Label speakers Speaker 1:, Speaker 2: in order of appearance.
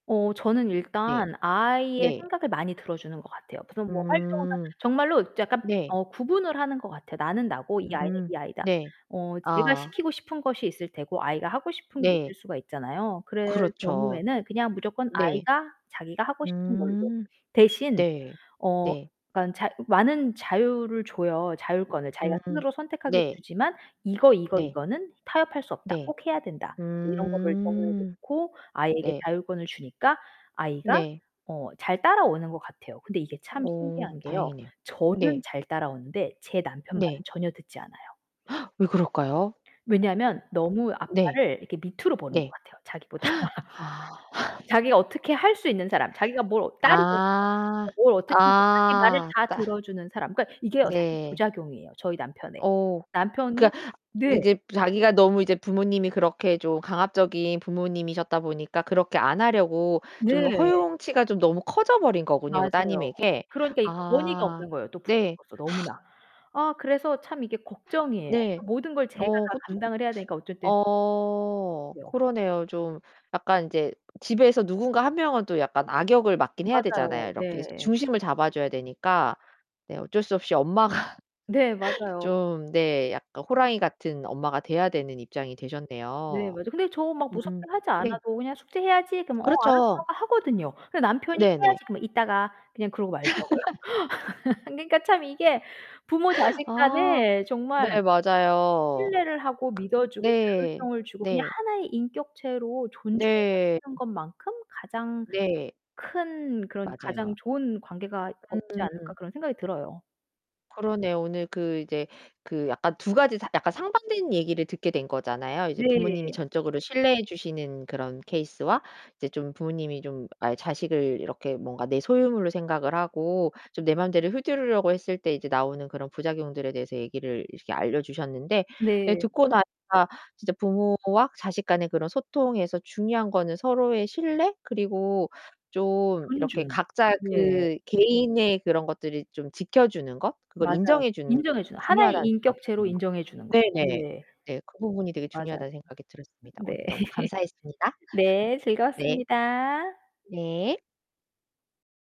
Speaker 1: 어, 저는
Speaker 2: 네.
Speaker 1: 일단 아이의
Speaker 2: 네.
Speaker 1: 생각을 많이 들어주는 것 같아요. 그런 뭐 활동을 하든
Speaker 2: 음
Speaker 1: 정말로 이제 약간
Speaker 2: 네.
Speaker 1: 어 구분을 하는 것 같아요. 나는 나고 이 아이는
Speaker 2: 음.
Speaker 1: 이 아이다.
Speaker 2: 네.
Speaker 1: 어, 제가
Speaker 2: 아.
Speaker 1: 시키고 싶은 것이 있을 테고, 아이가 하고 싶은 게 있을
Speaker 2: 네.
Speaker 1: 수가 있잖아요. 그럴
Speaker 2: 그렇죠
Speaker 1: 경우에는 그냥 무조건
Speaker 2: 네.
Speaker 1: 아이가 자기가 하고 싶은 걸로.
Speaker 2: 음.
Speaker 1: 대신.
Speaker 2: 네.
Speaker 1: 어
Speaker 2: 네.
Speaker 1: 그러니깐 자 많은 자유를 줘요. 자율권을. 자기가
Speaker 2: 음.
Speaker 1: 스스로 선택하게
Speaker 2: 네.
Speaker 1: 주지만 이거 이거
Speaker 2: 네.
Speaker 1: 이거는 타협할 수 없다.
Speaker 2: 네.
Speaker 1: 꼭 해야 된다. 이런 거를 정해서
Speaker 2: 음.
Speaker 1: 놓고 아이에게
Speaker 2: 네.
Speaker 1: 자율권을 주니까 아이가
Speaker 2: 네.
Speaker 1: 어, 잘 따라오는 것 같아요. 근데 이게 참
Speaker 2: 어.
Speaker 1: 신기한 게요.
Speaker 2: 다행이네요.
Speaker 1: 저는
Speaker 2: 네.
Speaker 1: 잘 따라오는데 제 남편 말은
Speaker 2: 네.
Speaker 1: 전혀 듣지 않아요.
Speaker 2: 왜 그럴까요?
Speaker 1: 왜냐하면 너무
Speaker 2: 네.
Speaker 1: 아빠를 이렇게 밑으로 보는 것
Speaker 2: 네.
Speaker 1: 같아요, 자기보다.
Speaker 2: 아.
Speaker 1: 자기가 어떻게 할 수 있는 사람, 자기가 뭘 따르고 [unintelligible]
Speaker 2: 아.
Speaker 1: 뭘 어떻게 하든지 자기 말을
Speaker 2: 아.
Speaker 1: 다
Speaker 2: 따
Speaker 1: 들어주는 사람. 그러니까 이게요, 사실
Speaker 2: 네.
Speaker 1: 부작용이에요, 저희 남편의.
Speaker 2: 어.
Speaker 1: 남편이
Speaker 2: 그러니까
Speaker 1: 네.
Speaker 2: 이제 자기가 너무 이제 부모님이 그렇게 좀 강압적인 부모님이셨다 보니까 그렇게 안 하려고 좀
Speaker 1: 네.
Speaker 2: 허용치가 좀 너무 커져 버린 거군요. 그
Speaker 1: 맞아요.
Speaker 2: 따님에게.
Speaker 1: 그러니까 이 권위가
Speaker 2: 아
Speaker 1: 없는 거예요. [unintelligible]
Speaker 2: 네.
Speaker 1: 너무나. 아 그래서 참 이게 걱정이에요.
Speaker 2: 네.
Speaker 1: 그러니까 모든 걸 제가
Speaker 2: 어
Speaker 1: 다
Speaker 2: 그쵸.
Speaker 1: 감당을 해야 되니까 어쩔 때는
Speaker 2: 어.
Speaker 1: [unintelligible]
Speaker 2: 그러네요. 좀 약간 인제 집에서 누군가 1 명은 또 약간 악역을 맡긴 해야
Speaker 1: 맞아요.
Speaker 2: 되잖아요. 이렇게
Speaker 1: 네.
Speaker 2: 중심을 잡아줘야 되니까. 네. 어쩔 수 없이 엄마가
Speaker 1: 네, 맞아요.
Speaker 2: 좀 네. 약간 호랑이 같은 엄마가 돼야 되는 입장이
Speaker 1: 네,
Speaker 2: 되셨네요.
Speaker 1: 맞아요. 근데 저 막 무섭게
Speaker 2: 음.
Speaker 1: 하지
Speaker 2: 네.
Speaker 1: 않아도 그냥 "숙제해야지." 그러면 "어, 알았어"
Speaker 2: 그렇죠.
Speaker 1: 하고 하거든요. 근데 남편이
Speaker 2: 네 네.
Speaker 1: 해야지. 그러면 "이따가." 그냥 그러고 말더라고요. 그러니까 참 이게 부모 자식
Speaker 2: 아.
Speaker 1: 간에
Speaker 2: 네,
Speaker 1: 정말
Speaker 2: 맞아요.
Speaker 1: 신뢰를 하고 믿어주고
Speaker 2: 네.
Speaker 1: 자율성을 주고 그냥
Speaker 2: 네.
Speaker 1: 하나의 인격체로
Speaker 2: 네.
Speaker 1: 존중하는 것만큼 가장
Speaker 2: 네.
Speaker 1: 큰 그런 가장
Speaker 2: 맞아요.
Speaker 1: 좋은 관계가 없지 않을까
Speaker 2: 음음음.
Speaker 1: 그런 생각이 들어요.
Speaker 2: 그러네요. 오늘 그 이제 그 약간 2 가지 상 약간 상반된 얘기를 듣게 된 거잖아요. 이제
Speaker 1: 네.
Speaker 2: 부모님이 전적으로 신뢰해 주시는 그런 케이스와 이제 좀 부모님이 좀 아예 자식을 이렇게 뭔가 내 소유물로 생각을 하고 좀 내 마음대로 휘두르려고 했을 때 이제 나오는 그런 부작용들에 대해서 얘기를 이렇게 알려주셨는데. 예,
Speaker 1: 네.
Speaker 2: 듣고 나니까 진짜 부모와 자식 간의 그런 소통에서 중요한 거는 서로의 신뢰? 그리고 좀 이렇게
Speaker 1: 존중,
Speaker 2: 각자의
Speaker 1: 네.
Speaker 2: 그 개인의 그런 것들을 좀 지켜주는 것? 그걸
Speaker 1: 맞아요.
Speaker 2: 인정해 주는 게
Speaker 1: 인정해 주는 하나의
Speaker 2: 중요하다는 생각이
Speaker 1: 인격체로
Speaker 2: 드네요.
Speaker 1: 인정해 주는 것.
Speaker 2: 네 네.
Speaker 1: 네.
Speaker 2: 네. 그 부분이 되게
Speaker 1: 맞아요.
Speaker 2: 중요하다는 생각이 들었습니다. 오늘
Speaker 1: 네.
Speaker 2: 너무 감사했습니다.
Speaker 1: 네,
Speaker 2: 네.
Speaker 1: 즐거웠습니다.
Speaker 2: 네.